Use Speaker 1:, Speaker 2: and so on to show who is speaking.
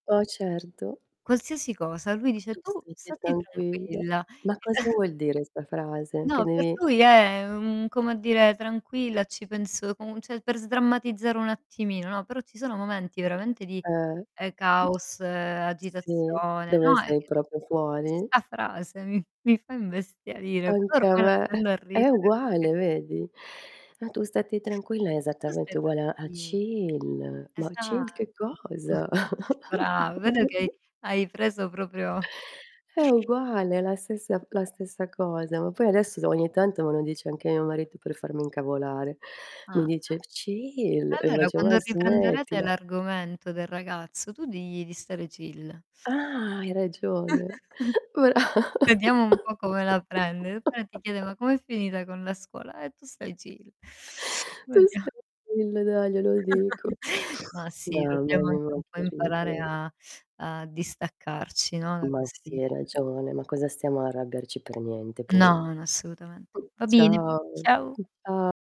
Speaker 1: Oh, certo.
Speaker 2: Qualsiasi cosa lui dice:
Speaker 1: "Tu
Speaker 2: "Tu
Speaker 1: statti
Speaker 2: statti
Speaker 1: tranquilla".
Speaker 2: tranquilla".
Speaker 1: Ma
Speaker 2: [unintelligible]
Speaker 1: cosa vuol dire 'sta frase, che
Speaker 2: No, per
Speaker 1: devi
Speaker 2: lui è un come dire: "Tranquilla, ci penso" comu cioè per sdrammatizzare un attimino, no, però ci sono momenti veramente di,
Speaker 1: Eh.
Speaker 2: ehm, caos,
Speaker 1: Sì,
Speaker 2: agitazione,
Speaker 1: dove
Speaker 2: no, è
Speaker 1: sei
Speaker 2: che
Speaker 1: proprio fuori?
Speaker 2: questa frase mi f mi fa imbestialire, però
Speaker 1: Anche a
Speaker 2: ormai la
Speaker 1: me,
Speaker 2: prendo a
Speaker 1: è
Speaker 2: ridere.
Speaker 1: uguale, vedi? "Ma tu statti tranquilla" è
Speaker 2: "Tu stai
Speaker 1: esattamente uguale a a
Speaker 2: tranquil
Speaker 1: "Chill". Ma chill
Speaker 2: Esatto."
Speaker 1: che cosa?
Speaker 2: brav vedo che hai hai preso proprio
Speaker 1: È uguale, è la stessa la stessa cosa. Ma poi adesso s ogni tanto me lo dice anche mio marito per farmi incavolare. Mi
Speaker 2: Ah.
Speaker 1: dice:
Speaker 2: E
Speaker 1: "Chill", e
Speaker 2: e
Speaker 1: io
Speaker 2: allora
Speaker 1: faccio:
Speaker 2: quando
Speaker 1: "Ma
Speaker 2: riprenderete
Speaker 1: smettila".
Speaker 2: l'argomento del ragazzo, tu digli di stare chill.
Speaker 1: Ah, hai ragione. Bra
Speaker 2: Vediamo un po' come la prende. E poi ti chiede: "Ma come è finita con la scuola?" "Eh, tu stai chill".
Speaker 1: Tu
Speaker 2: Vedia
Speaker 1: stai [unintelligible] glielo dico.
Speaker 2: Ma sì,
Speaker 1: Mamma
Speaker 2: dobbiamo
Speaker 1: mia,
Speaker 2: anche un
Speaker 1: ma
Speaker 2: po'
Speaker 1: che
Speaker 2: imparare
Speaker 1: ridere.
Speaker 2: a a distaccarci, no, da
Speaker 1: Ma
Speaker 2: questi
Speaker 1: sì, hai ragione. Ma cosa stiamo a arrabiarci, per niente poi.
Speaker 2: No, no assolutamente.
Speaker 1: Mh,
Speaker 2: Va bene,
Speaker 1: ciao.
Speaker 2: ciao.
Speaker 1: [unintelligible]